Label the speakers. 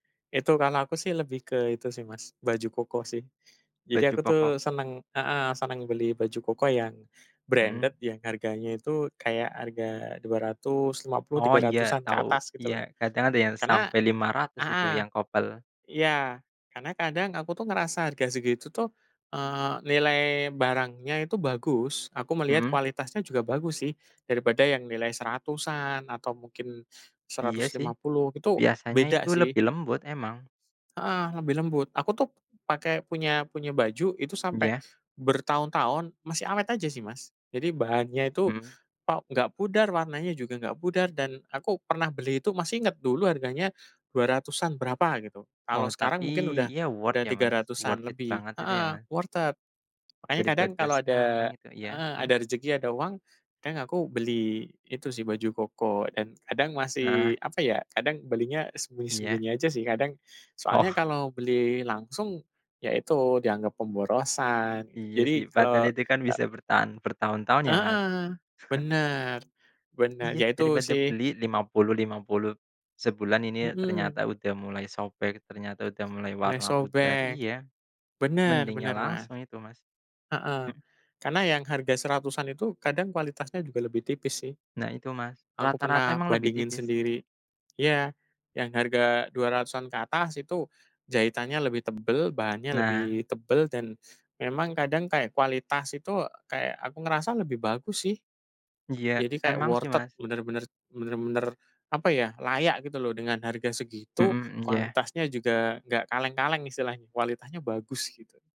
Speaker 1: Itu kan aku sih lebih ke itu sih Mas, baju koko sih. Jadi
Speaker 2: Baju
Speaker 1: aku tuh
Speaker 2: pokok.
Speaker 1: seneng heeh, seneng beli baju koko yang
Speaker 2: Hmm.
Speaker 1: branded yang harganya itu kayak harga dua ratus lima puluh,
Speaker 2: Oh
Speaker 1: tiga
Speaker 2: iya,
Speaker 1: ratusan ke
Speaker 2: tahu,
Speaker 1: atas
Speaker 2: iya.
Speaker 1: gitu loh.
Speaker 2: Kadang ada yang
Speaker 1: Karena
Speaker 2: sampai Rp500.000 itu
Speaker 1: heeh,
Speaker 2: yang couple.
Speaker 1: iya. Karena kadang aku tuh ngerasa harga segitu tuh, eee, nilai barangnya itu bagus. Aku melihat
Speaker 2: Mhm.
Speaker 1: kualitasnya juga bagus sih. Daripada yang nilai Rp100.000-an atau mungkin
Speaker 2: Iya
Speaker 1: seratus
Speaker 2: sih.
Speaker 1: lima puluh, itu
Speaker 2: Biasanya
Speaker 1: beda
Speaker 2: itu
Speaker 1: sih.
Speaker 2: lebih lembut emang.
Speaker 1: Heeh, lebih lembut. Aku tuh pakai, punya punya baju itu sampai
Speaker 2: Ya.
Speaker 1: bertahun-tahun masih awet aja sih Mas. Jadi bahannya itu,
Speaker 2: Mhm.
Speaker 1: op nggak pudar, warnanya juga nggak pudar, dan aku pernah beli itu masih inget dulu harganya Rp200.000-an berapa gitu.
Speaker 2: Oh
Speaker 1: Kalau sekarang
Speaker 2: tapi,
Speaker 1: mungkin udah
Speaker 2: ya worth
Speaker 1: udah
Speaker 2: ya
Speaker 1: tiga
Speaker 2: Mas? worth
Speaker 1: ratusan
Speaker 2: it
Speaker 1: lebih.
Speaker 2: banget itu ya
Speaker 1: Heeh,
Speaker 2: ma
Speaker 1: worth it. Makanya kadang
Speaker 2: Daripada
Speaker 1: kalau
Speaker 2: sekarang
Speaker 1: ada
Speaker 2: itu ya,
Speaker 1: heeh,
Speaker 2: hmm?
Speaker 1: ada rejeki, ada uang, kang aku beli itu sih baju koko. Dan kadang
Speaker 2: Heeh.
Speaker 1: masih apa ya, kadang belinya
Speaker 2: Iya.
Speaker 1: sembunyi-sembunyi aja sih kadang. Soalnya
Speaker 2: Oh.
Speaker 1: kalau beli langsung, ya itu dianggap pemborosan, gitu.
Speaker 2: Iya
Speaker 1: Jadi
Speaker 2: sih, padahal
Speaker 1: kalau
Speaker 2: itu kan bisa
Speaker 1: eee
Speaker 2: bertahan bertahun-tahun ya, Mas.
Speaker 1: Heeh. Bener, bener. Ya
Speaker 2: Iya.
Speaker 1: itu
Speaker 2: Daripada
Speaker 1: sih.
Speaker 2: beli Rp50.000, RP50.000, sebulan ini ternyata
Speaker 1: Mhm.
Speaker 2: udah mulai sobek, ternyata udah mulai
Speaker 1: Mulai
Speaker 2: warna pudar,
Speaker 1: sobek.
Speaker 2: iya.
Speaker 1: Bener
Speaker 2: Mending yang
Speaker 1: bener Mas.
Speaker 2: langsung itu Mas.
Speaker 1: Heeh.
Speaker 2: Hmm.
Speaker 1: Karena yang harga Rp100.000-an itu kadang kualitasnya juga lebih tipis sih.
Speaker 2: Nah itu Mas.
Speaker 1: Aku
Speaker 2: Rata-rata
Speaker 1: pernah
Speaker 2: emang lebih
Speaker 1: bandingin
Speaker 2: tipis.
Speaker 1: sendiri. Iya. Yang harga Rp200.000-an ke atas itu jahitannya lebih tebel, bahannya
Speaker 2: Nah.
Speaker 1: lebih tebel, dan memang kadang kayak kualitas itu kayak aku ngerasa lebih bagus sih.
Speaker 2: Iya,
Speaker 1: Jadi kayak
Speaker 2: emang sih
Speaker 1: worth it.
Speaker 2: Mas.
Speaker 1: Bener-bener bener-bener, apa ya, layak gitu loh, dengan harga segitu,
Speaker 2: Mhm, m ya.
Speaker 1: kualitasnya juga nggak kaleng-kaleng istilahnya, kualitasnya bagus gitu.